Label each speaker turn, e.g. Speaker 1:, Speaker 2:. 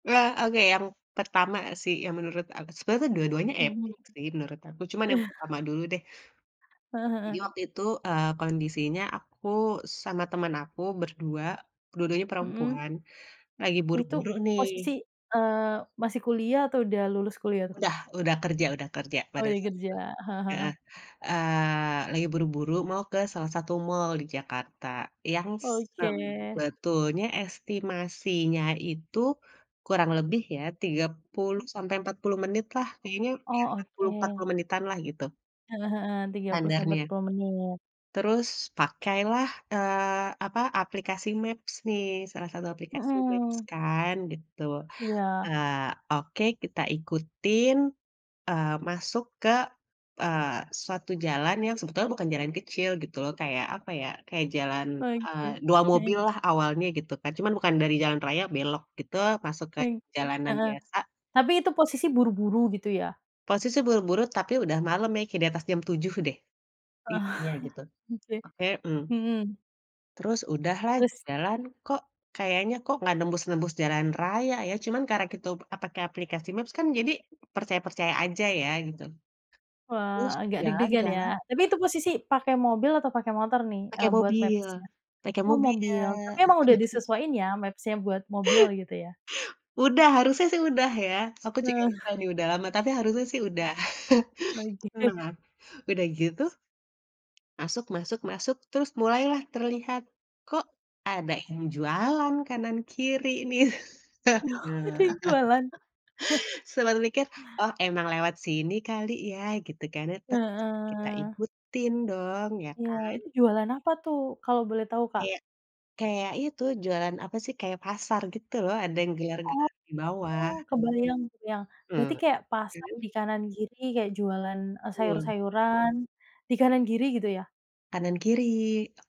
Speaker 1: Iya, oke yang pertama sih, yang menurut aku sebenernya tuh dua-duanya
Speaker 2: Mhm.
Speaker 1: epik sih, menurut aku. Cuma yang pertama dulu, deh.
Speaker 2: Heeh
Speaker 1: Jadi
Speaker 2: heeh.
Speaker 1: waktu itu, eee, kondisinya, aku sama teman aku ber-2, dua-duanya
Speaker 2: Mhm.
Speaker 1: perempuan, lagi
Speaker 2: Itu
Speaker 1: buru-buru
Speaker 2: posisi,
Speaker 1: nih
Speaker 2: eee, masih kuliah atau sudah lulus kuliah tuh?
Speaker 1: Udah udah kerja udah kerja,
Speaker 2: Oh
Speaker 1: pada
Speaker 2: ya,
Speaker 1: saat
Speaker 2: kerja,
Speaker 1: itu.
Speaker 2: heeh heeh.
Speaker 1: Heeh, eee, lagi buru-buru mau ke salah satu mall di Jakarta, yang
Speaker 2: Oke.
Speaker 1: sebetulnya estimasinya itu, kurang lebih ya, 30
Speaker 2: Mmm.
Speaker 1: sampai 40 menit lah kayaknya, ya
Speaker 2: Oh
Speaker 1: empat puluh empat puluh
Speaker 2: oke.
Speaker 1: menitan lah, gitu.
Speaker 2: Heeh heeh, 30 sampai empat
Speaker 1: Standarnya.
Speaker 2: puluh menit.
Speaker 1: Terus pakailah, eee, apa, aplikasi maps nih, salah satu aplikasi maps
Speaker 2: Mhm.
Speaker 1: kan, gitu.
Speaker 2: Iya.
Speaker 1: Eee, oke kita ikutin, eee, masuk ke, eee, suatu jalan yang sebetulnya bukan jalan kecil gitu loh, kayak apa ya, kayak jalan, eee,
Speaker 2: Oke,
Speaker 1: 2 mobil
Speaker 2: heeh.
Speaker 1: lah, awalnya gitu, kan. Cuma bukan dari jalan raya belok gitu, masuk ke
Speaker 2: Oke,
Speaker 1: jalanan
Speaker 2: heeh.
Speaker 1: biasa.
Speaker 2: Tapi itu posisi buru-buru, gitu ya?
Speaker 1: Posisi buru-buru, tapi udah malem ya, kayak di atas jam 7 deh. Intinya gitu.
Speaker 2: Oke,
Speaker 1: Oke, mmm.
Speaker 2: mhm.
Speaker 1: Terus udahlah
Speaker 2: Terus?
Speaker 1: jalan, kok kayaknya kok, nggak nembus-nembus jalan raya ya, cuma karena kita, eee, pake aplikasi maps, kan jadi percaya-percaya aja ya, gitu.
Speaker 2: Wah,
Speaker 1: Terus
Speaker 2: agak deg
Speaker 1: jalan
Speaker 2: degan ya,
Speaker 1: jalan
Speaker 2: tapi itu posisi pakai mobil atau pakai motor nih,
Speaker 1: Pake
Speaker 2: eee, buat
Speaker 1: mobil
Speaker 2: maps-nya?
Speaker 1: pake
Speaker 2: Oh
Speaker 1: mobil.
Speaker 2: mobil, tapi emang udah disesuaiin ya, maps-nya buat mobil, gitu ya?
Speaker 1: Udah, harusnya sih udah ya, aku juga
Speaker 2: Heeh.
Speaker 1: ikutan nih udah lama, tapi harusnya sih udah.
Speaker 2: Iya, oke.
Speaker 1: Mmm, nah udah gitu. Masuk masuk masuk, terus mulailah terlihat, kok ada yang jualan kanan kiri nih.
Speaker 2: Oh, ada
Speaker 1: Bener,
Speaker 2: yang jualan.
Speaker 1: sempat mikir, oh emang lewat sini kali ya, gitu kan ya. Tetep kita
Speaker 2: Heeh.
Speaker 1: ikutin dong, iya
Speaker 2: Iya,
Speaker 1: kan.
Speaker 2: itu jualan apa tuh, kalau boleh tahu, Kak?
Speaker 1: Kayak kayak itu, jualan apa sih, kayak pasar gitu loh, ada yang gelar-gelar di bawah.
Speaker 2: Oh, kebayang kebayang, berarti
Speaker 1: Ah,
Speaker 2: kaya pasar,
Speaker 1: terus
Speaker 2: di kanan kiri kayak jualan, eee,
Speaker 1: Betul.
Speaker 2: sayur-sayuran di kanan kiri, gitu ya?
Speaker 1: Kanan kiri.